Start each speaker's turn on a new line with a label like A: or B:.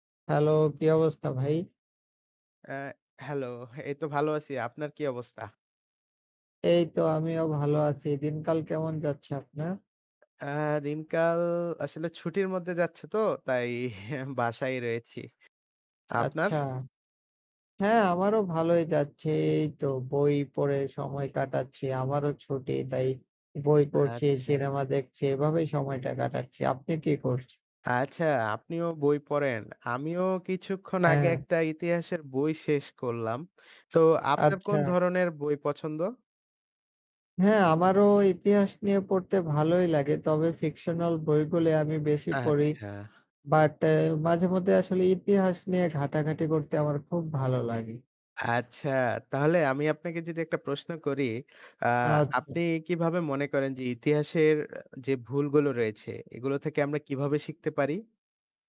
A: Hello! কি অবস্থা ভাই?
B: এ হ্যালো! এই তো ভালো আছি। আপনার কি অবস্থা?
A: এই তো আমিও ভালো আছি। দিনকাল কেমন যাচ্ছে আপনার?
B: এ দিনকাল আসলে ছুটির মধ্যে যাচ্ছে তো। তাই বাসায়ই রয়েছি। আপনার?
A: আচ্ছা। হ্যাঁ, আমারও ভালোই যাচ্ছে এই তো বই পড়ে সময় কাটাচ্ছি। আমারও ছুটি। তাই বই পড়ছি,
B: আচ্ছা।
A: সিনেমা দেখছি। এভাবেই সময়টা কাটাচ্ছি। আপনি কি করছেন?
B: আচ্ছা, আপনিও বই পড়েন? আমিও কিছুক্ষণ আগে
A: হ্যাঁ।
B: একটা ইতিহাসের বই শেষ করলাম। তো আপনার কোন
A: আচ্ছা।
B: ধরনের বই পছন্দ?
A: হ্যাঁ, আমারও ইতিহাস নিয়ে পড়তে ভালোই লাগে। তবে ফিকশনাল বইগুলি আমি বেশি পড়ি।
B: আচ্ছা।
A: বাট এ মাঝেমধ্যে আসলে ইতিহাস নিয়ে ঘাটাঘাটি করতে আমার খুব ভালো লাগে।
B: আচ্ছা। তাহলে আমি আপনাকে যদি একটা প্রশ্ন করি। আ আপনি
A: আচ্ছা।
B: কিভাবে মনে করেন যে ইতিহাসের যে ভুলগুলো রয়েছে এগুলো থেকে আমরা কিভাবে শিখতে পারি?